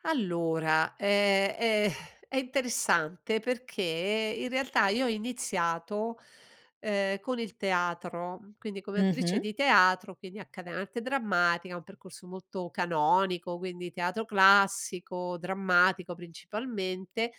Allora, ehm, è è interessante perché in realtà, io ho iniziato, ehm, con il teatro. Quindi come Mh attrice mh. di teatro, quindi accade arte drammatica, un percorso molto canonico, quindi teatro classico, drammatico principalmente,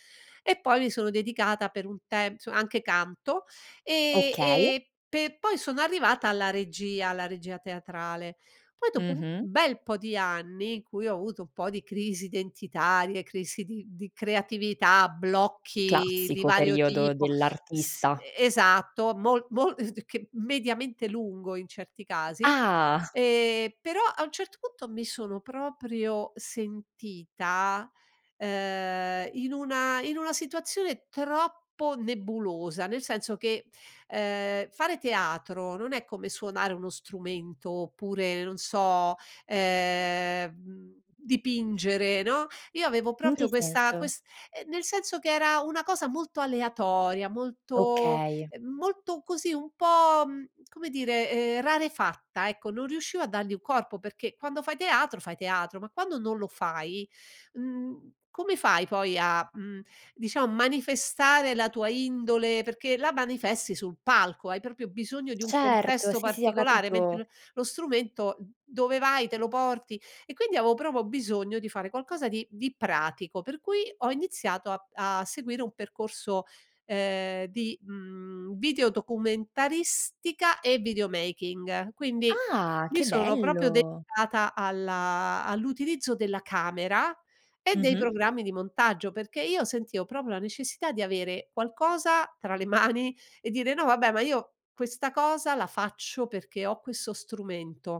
e poi mi sono dedicata per un tempo nso anche canto. Ehm, Okay. ehm, pe poi sono arrivata alla regia, alla regia teatrale. Poi dopo un Mh-mh. bel po' di anni in cui ho avuto un po' di crisi identitarie, crisi di di creatività, blocchi di Classico vario periodo tipo s dell'artista. e esatto, mo mo che mediamente lungo in certi casi. Ah! Ehm, però a un certo punto mi sono proprio sentita, ehm, in una in una situazione troppo nebulosa, nel senso che, ehm, fare teatro non è come suonare uno strumento oppure, non so, ehm, mhmm, dipingere, no, io avevo In che proprio questa senso? quest nel senso che era una cosa molto aleatoria, molto, Okay. ehm, molto così, un po', mhmm, come dire, ehm, rarefatta, ecco. Non riuscivo a dargli un corpo, perché quando fai teatro fai teatro, ma quando non lo fai, mhmm, come fai poi a, mhmm, diciamo manifestare la tua indole perché la manifesti sul palco, hai proprio bisogno di un Certo, contesto sì, sì, ho particolare, mentre capito. lo lo strumento, mhmm, dove vai te lo porti. E quindi avevo proprio bisogno di fare qualcosa di di pratico. Per cui ho iniziato a a seguire un percorso, ehm, di, mhmm, video documentaristica e videomaking. Quindi Ah, mi che sono proprio bello. dedicata alla all'utilizzo della camera, e dei Mh-mh. programmi di montaggio, perché io sentivo proprio la necessità di avere qualcosa tra le mani e dire: "No vabbè, ma io questa cosa la faccio perché ho questo strumento."